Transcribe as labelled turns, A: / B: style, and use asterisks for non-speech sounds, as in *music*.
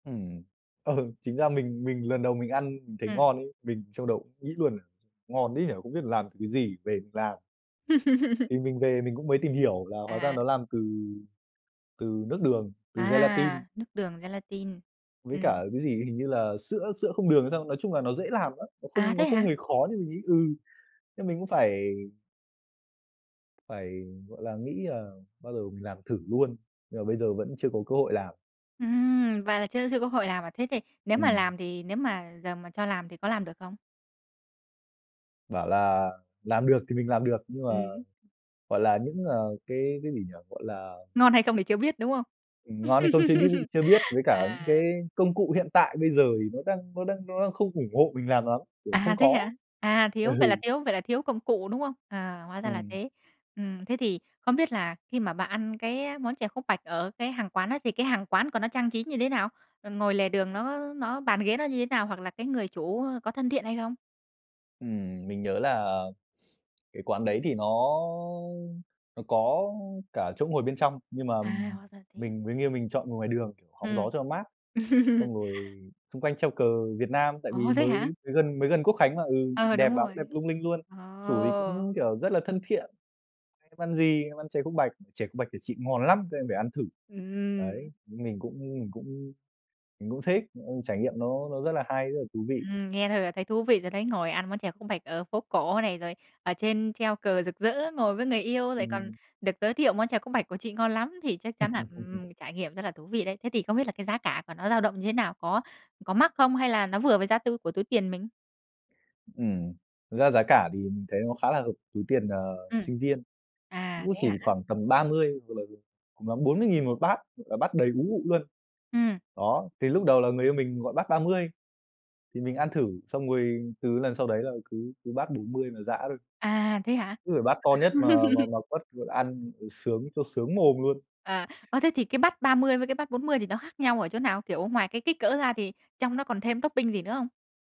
A: Ừm, ừ, chính ra mình mình lần đầu mình ăn mình thấy
B: Ừm.
A: ngon ấy, mình trong đầu nghĩ luôn: "Ngon thế nhỉ, không biết làm từ cái gì? Về mình làm." Thì
B: *laughs*
A: mình về mình cũng mới tìm hiểu là hóa ra
B: À.
A: nó làm từ từ nước đường, từ gelatin.
B: À, nước đường gelatin,
A: Với
B: ừm.
A: cả cái gì, hình như là sữa sữa không đường hay sao. Nói chung là nó dễ làm lắm, nó
B: À,
A: không nó
B: thế
A: không
B: hả?
A: hề khó nhưng mình nghĩ, ừ, thế mình cũng phải phải, gọi là, nghĩ là bao giờ mình làm thử luôn, nhưng mà bây giờ vẫn chưa có cơ hội làm.
B: Ừm, và là chưa chưa có hội làm à? Thế thì nếu mà
A: Ừm.
B: làm thì nếu mà giờ mà cho làm thì có làm được không?
A: Bảo là làm được thì mình làm được nhưng mà,
B: Ừm.
A: gọi là, những, ờ, cái cái gì nhỉ? Gọi là
B: Ngon hay không thì chưa biết, đúng không?
A: Ừm, ngon hay không chưa điu
B: *laughs*
A: chưa biết với cả những cái
B: À.
A: công cụ hiện tại bây giờ thì nó đang nó đang nó đang không ủng hộ mình làm lắm, kiểu
B: À,
A: không
B: thế
A: có.
B: hả? À, thiếu vậy là
A: Ừ.
B: thiếu vậy là thiếu công cụ, đúng không? À, hóa ra là
A: Ừm.
B: thế. Ừm, thế thì không biết là khi mà bạn ăn cái món chè khúc bạch ở cái hàng quán á, thì cái hàng quán của nó trang trí như thế nào? Ờ, ngồi lề đường nó nó bàn ghế nó như thế nào, hoặc là cái người chủ, ơ, có thân thiện hay không?
A: Ừm, mình nhớ là cái quán đấy thì nó nó có cả chỗ ngồi bên trong, nhưng mà
B: À, hóa ra thế.
A: mình mới nghiêng mình chọn ngồi ngoài đường hóng, kiểu, gió
B: Ừm.
A: cho nó mát, xong
B: *laughs*
A: rồi xung quanh treo cờ Việt Nam tại vì
B: Ồ, thế
A: mới
B: hả?
A: mới gần mới gần Quốc Khánh mà. Ừ,
B: Ờ,
A: đẹp
B: đúng
A: lắm,
B: rồi.
A: đẹp lung linh luôn. Chủ thì
B: Ờ.
A: cũng, kiểu, rất là thân thiện: "Em ăn gì?" "Em ăn chè khúc bạch." "Chè khúc bạch của chị ngon lắm, các em phải ăn thử", đấy.
B: Ừm.
A: Mình cũng mình cũng mình cũng thích, ông trải nghiệm nó nó rất là hay, rất là thú vị.
B: Ừm, nghe thôi là thấy thú vị rồi đấy. Ngồi ăn món chè khúc bạch ở phố cổ này, rồi ở trên treo cờ rực rỡ, ngồi với người yêu lại còn
A: Ừm.
B: được giới thiệu món chè khúc bạch của chị ngon lắm, thì chắc chắn là
A: *laughs*
B: ừm, trải nghiệm rất là thú vị đấy. Thế thì không biết là cái giá cả của nó dao động như thế nào? Có có mắc không hay là nó vừa với giá tu của túi tiền mình?
A: Ừm, thật ra giá cả thì mình thấy nó khá là hợp túi tiền, ờ,
B: Ừm.
A: sinh viên,
B: À,
A: cũng
B: thế
A: chỉ
B: hả?
A: khoảng tầm 30 *unintelligible* cùng lắm 40.000 1 bát, và bát đầy ú ụ luôn.
B: Ừm.
A: Đó, cái lúc đầu là người yêu mình gọi bát 30, thì mình ăn thử xong rồi từ lần sau đấy là cứ cứ bát 40 mà giã thôi.
B: À, thế hả?
A: Cứ phải bát to nhất mà mà
B: *laughs*
A: mà quất, vừa ăn vừa sướng vừa sướng mồm luôn.
B: À, ơ, thế thì cái bát 30 với cái bát 40 thì nó khác nhau ở chỗ nào? Kiểu ngoài cái kích cỡ ra thì trong nó còn thêm topping gì nữa không?